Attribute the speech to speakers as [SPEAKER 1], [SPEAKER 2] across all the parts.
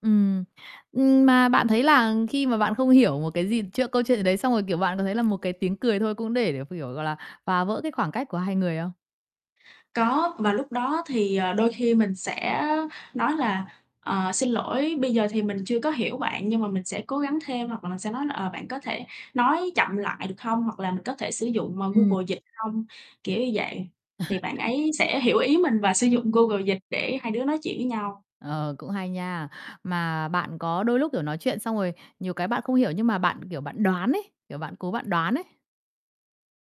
[SPEAKER 1] Ừm, ừm, mà bạn thấy là khi mà bạn không hiểu một cái gì chưa câu chuyện gì đấy, xong rồi, kiểu, bạn có thấy là một cái tiếng cười thôi cũng để để ph kiểu, gọi là, phá vỡ cái khoảng cách của hai người không?
[SPEAKER 2] Có, và lúc đó thì, ờ, đôi khi mình sẽ nói là "Ờ, xin lỗi, bây giờ thì mình chưa có hiểu bạn nhưng mà mình sẽ cố gắng thêm." hoặc là mình sẽ nói là "Ờ, bạn có thể nói chậm lại được hông?" hoặc là "Mình có thể sử dụng, ờ,
[SPEAKER 1] Ừm.
[SPEAKER 2] Google Dịch hông?" Kiểu như vậy, thì bạn ấy sẽ hiểu ý mình và sử dụng Google Dịch để hai đứa nói chuyện với nhau.
[SPEAKER 1] Ờ, cũng hay nha. Mà bạn có đôi lúc, kiểu, nói chuyện, xong rồi nhiều cái bạn không hiểu nhưng mà bạn, kiểu, bạn đoán ấy, kiểu, bạn cố bạn đoán ấy?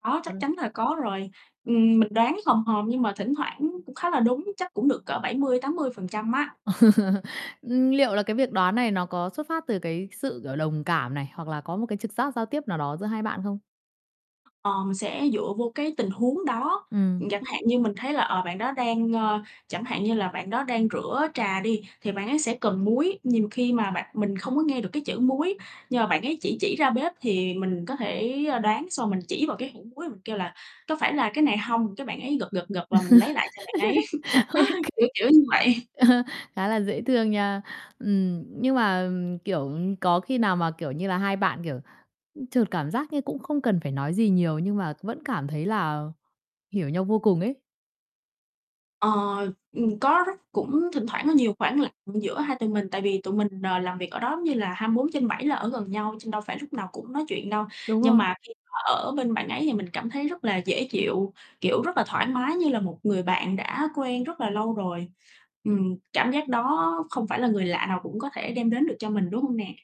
[SPEAKER 2] Có, chắc
[SPEAKER 1] [unintelligible]
[SPEAKER 2] chắn là có rồi. Ừm, mình đoán hòm hòm nhưng mà thỉnh thoảng cũng khá là đúng, chắc cũng được cỡ 70-80% á.
[SPEAKER 1] Ừm, liệu là cái việc đoán này nó có xuất phát từ cái sự, kiểu, đồng cảm này, hoặc là có một cái trực giác giao tiếp nào đó giữa hai bạn không?
[SPEAKER 2] Ờ, mình sẽ dựa vô cái tình huống đó.
[SPEAKER 1] Ừm.
[SPEAKER 2] Ừm, chẳng hạn như mình thấy là, ờ, bạn đó đang, ờ chẳng hạn như là bạn đó đang rửa trà đi thì bạn ấy sẽ cần muối, nhiều khi mà bạn mình không có nghe được cái chữ muối, nhưng mà bạn ấy chỉ chỉ ra bếp, thì mình có thể, ờ, đoán xong mình chỉ vào cái hũ muối mình kêu là "Có phải là cái này hông?" cái bạn ấy gật, gật, gật
[SPEAKER 1] OK,
[SPEAKER 2] là mình lấy lại cho bạn ấy, kiểu, kiểu như vậy.
[SPEAKER 1] ờ, khá là dễ thương nha. Ừm, nhưng mà, kiểu, có khi nào mà, kiểu như là, hai bạn, kiểu, ưm, chợt cảm giác như cũng không cần phải nói gì nhiều, nhưng mà vẫn cảm thấy là hiểu nhau vô cùng ấy?
[SPEAKER 2] Ờ, ừm, có rất cũng thỉnh thoảng có nhiều khoảng lặng giữa hai tụi mình, tại vì tụi mình, ờ, làm việc ở đó giống như là 24/7 là ở gần nhau, trên đâu phải lúc nào cũng nói chuyện đâu.
[SPEAKER 1] Đúng
[SPEAKER 2] Nhưng
[SPEAKER 1] rồi.
[SPEAKER 2] mà khi mà ở bên bạn ấy thì mình cảm thấy rất là dễ chịu, kiểu, rất là thoải mái, như là một người bạn đã quen rất là lâu rồi. Ừm, cảm giác đó không phải là người lạ nào cũng có thể đem đến được cho mình, đúng hông nè?